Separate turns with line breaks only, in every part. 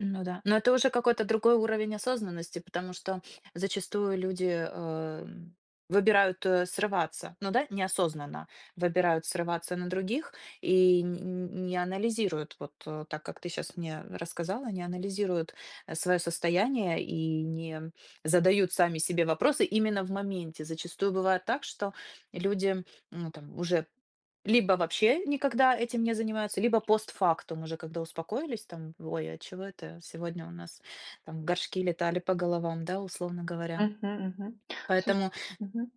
Ну да. Но это уже какой-то другой уровень осознанности, потому что зачастую люди, эм, выбирают, э, срываться. Ну да, неосознанно выбирают срываться на других и нь нь не анализируют, вот, э, так, как ты щас мне рассказала, не анализируют, э, своё состояние и не задают сами себе вопросы именно в моменте. Зачастую бывает так, что люди, ну, там уже либо вообще никогда этим не занимаются, либо постфактум, уже когда успокоились там: "Вой, а чего это сегодня у нас там горшки летали по головам?" Да, условно говоря.
Мгм мгм. Слуш
Поэтому
Мгм.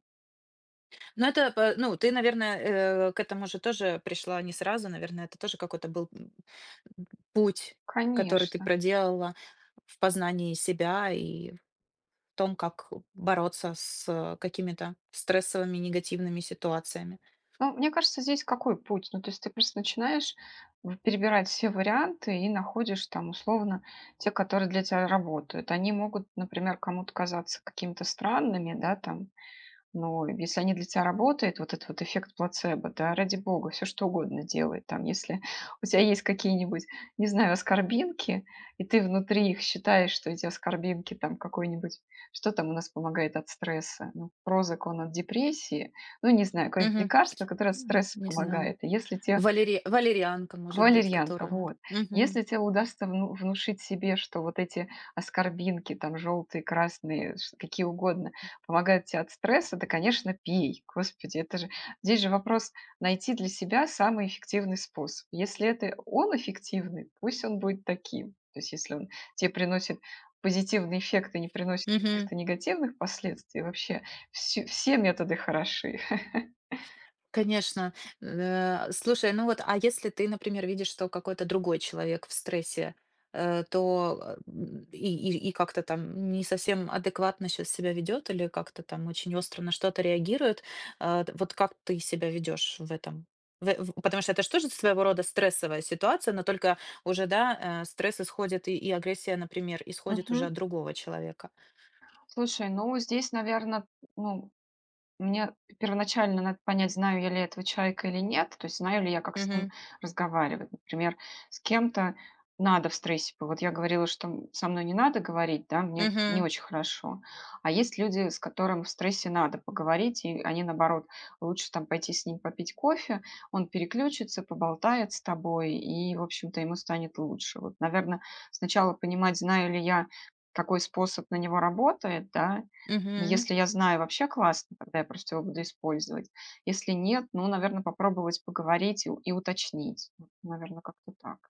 Ну это пэ Ну ты, наверно, э, к этому же тоже пришла не сразу, наверно, это тоже какой-то был путь, который ты
Конечно.
проделала в познании себя и том, как бороться с какими-то стрессовыми негативными ситуациями.
Ну, мне кажется, здесь какой путь? Ну, то есть ты просто начинаешь в перебирать все варианты и находишь там, условно, те, которые для тя работают. Они могут, например, кому-то казаться какими-то странными, да, там, но если они для тя работают, вот этот вот эффект плацебо, да, ради бога, всё что угодно делай. Там, если у тя есть какие-нибудь, не знаю, аскорбинки, и ты внутри их считаешь, что эти аскорбинки там, какой-нибудь Что там у нас помогает от стресса? Ну, "Прозак" он от депрессии. Ну, не знаю, какое-нибудь
Мгм.
лекарство, которое от
М.
стресса
Не зна
помогает. И если те
Валери валерианка, может быть,
Валерьянка,
которую надо
вот!
Мгм.
Если те удастся вну внушить себе, что вот эти аскорбинки там, жёлтые, красные, ш какие угодно, помогают те от стресса, то конечно пей! Господи, это же Здесь же вопрос- найти для себя самый эффективный способ. Если это он эффективный, пусть он будет таким. То есть если он те приносит позитивный эффект и не приносит
Мгм.
каких-то негативных последствий, вообще всю все методы хороши.
Конечно, нэа слушай, ну вот, а если ты, например, видишь, что какой-то другой человек в стрессе, э, то м и и и как-то там не совсем адекватно щас себя ведёт или как-то там очень остро на что-то реагирует. Э, т вот как ты себя ведёшь в этом в в Потому что это ж тоже своего рода стрессовая ситуация, но только уже, да, э, стресс исходит и и агрессия, например, исходит уже
Мгм.
от другого человека.
Слушай, ну, здесь, наверно, ну, мне первоначально надо понять, знаю я ли этого человека или нет. То есть знаю ли я, как с ним
Мгм.
разговаривать. Например, с кем-то надо в стрессе по Вот я говорила, что м со мной не надо говорить, да, мне не
Мгм.
очень хорошо. А есть люди, с которым в стрессе надо поговорить, и они наоборот, лучше там пойти с ним попить кофе, он переключится, поболтает с тобой, и в общем-то ему станет лучше. Вот, наверно, сначала понимать, знаю ли я, какой способ на него работает, да. И
Мгм.
если я знаю, вообще классно, тогда я просто его буду использовать. Если нет, ну, наверно, попробовать поговорить и у и уточнить. Вот, наверно, как-то так.